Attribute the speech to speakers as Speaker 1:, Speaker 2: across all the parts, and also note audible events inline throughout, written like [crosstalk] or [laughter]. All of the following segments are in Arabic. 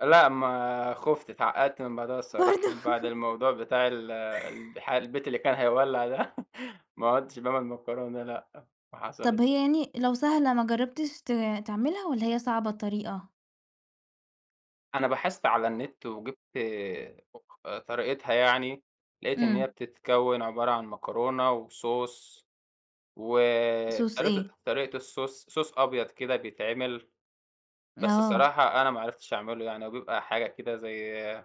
Speaker 1: لأ ما خُفت، اتعقّدت من بعدها الصراحة،
Speaker 2: برضو!
Speaker 1: من بعد
Speaker 2: [giggles]
Speaker 1: الموضوع بتاع ال الح البيت اللي كان هيولع ده، [laughs] ما عُدتش باعمل مكرونة، لأ ما
Speaker 2: طَب
Speaker 1: حصلِتش.
Speaker 2: هي يعني لو سهلة، ما جربتش ت تعملها والّا هي صعبة الطريقة؟
Speaker 1: أنا بحثت على النت وجبت، آآ، [unintelligible] طريقتها يعني، لقيت إن هي
Speaker 2: إمم.
Speaker 1: بتتكون عبارة عن مكرونة وSauce
Speaker 2: Sauce
Speaker 1: وطريقة
Speaker 2: إيه؟
Speaker 1: طريقة الSauce Sauce أبيض كده بيتعمل، بس
Speaker 2: آه.
Speaker 1: الصراحة أنا ما عرفتش أعمله يعني، هو بيبقى حاجة كده زي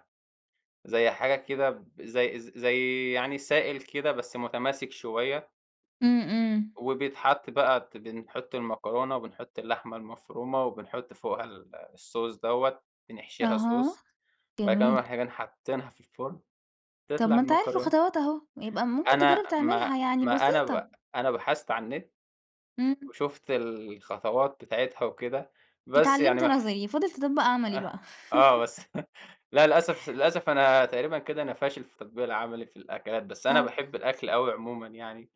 Speaker 1: زي حاجة كده زي زي يعني سائل كده بس متماسك شوية
Speaker 2: إمم، إمم.
Speaker 1: وبيتحط بقى، بنحط المكرونة وبنحط اللحمة المفرومة وبنحط فوقها ال الSauce دوّة بنحشيها
Speaker 2: أها،
Speaker 1: Sauce، بعد كده
Speaker 2: جميل.
Speaker 1: بنروح جايين حاطينها في الفرن،
Speaker 2: طَب
Speaker 1: تطلع
Speaker 2: ما أنت عارف
Speaker 1: المكرونة.
Speaker 2: الخطوات أهو، يبقى ممكن تجرب
Speaker 1: أنا ما
Speaker 2: تعملها، يعني
Speaker 1: ما أنا
Speaker 2: بسيطة.
Speaker 1: ب أنا بحثت على النت
Speaker 2: إمم.
Speaker 1: وشُفت الخطوات بتاعتها وكده، بس يعني
Speaker 2: اتعلمت
Speaker 1: ماح
Speaker 2: نظري فاضل تطبّق عملي بقى.
Speaker 1: آه، آه بس
Speaker 2: [laughs]
Speaker 1: [chuckles] لا، للأسف للأسف أنا تقريبًا كده أنا فاشل في التطبيق العملي في الأكلات، بس أنا
Speaker 2: طَب
Speaker 1: باحب الأكل أوي عمومًا يعني.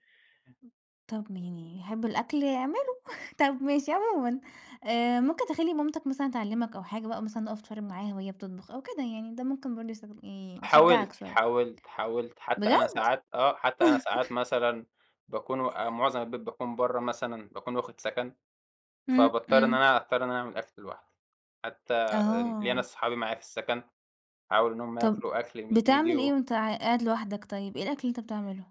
Speaker 2: طَب يعني اللي يحب الأكل يعمله، [chuckles] طَب ماشي عمومًا، آآ، ممكن تخلّي مامتك مثلًا تعلمك أو حاجة بقى، مثلًا تُقف تتفرج معاها وهي بتطبخ أو كده، يعني ده ممكن برضه يس يشجعك
Speaker 1: حاولت،
Speaker 2: شوية.
Speaker 1: حاولت، حاولت، حتى أنا
Speaker 2: بجد؟
Speaker 1: ساعات آه، حتى أنا ساعات
Speaker 2: [laughs]
Speaker 1: مثلًا، باكون و معظم البيت باكون برّا مثلًا، باكون واخد سكن،
Speaker 2: إمم،
Speaker 1: فباضطر إن
Speaker 2: إمم.
Speaker 1: أنا، أضطر إني أعمل أكل لوحدي، حتى ليَّ
Speaker 2: آه.
Speaker 1: ناس صحابي معايا في السكن، أحاول إنهم
Speaker 2: طَب
Speaker 1: ياكلوا أكل من إيدي
Speaker 2: بتعمل إيه
Speaker 1: و
Speaker 2: وأنت ق قاعد لوحدك طيب، إيه الأكل اللي أنت بتعمله؟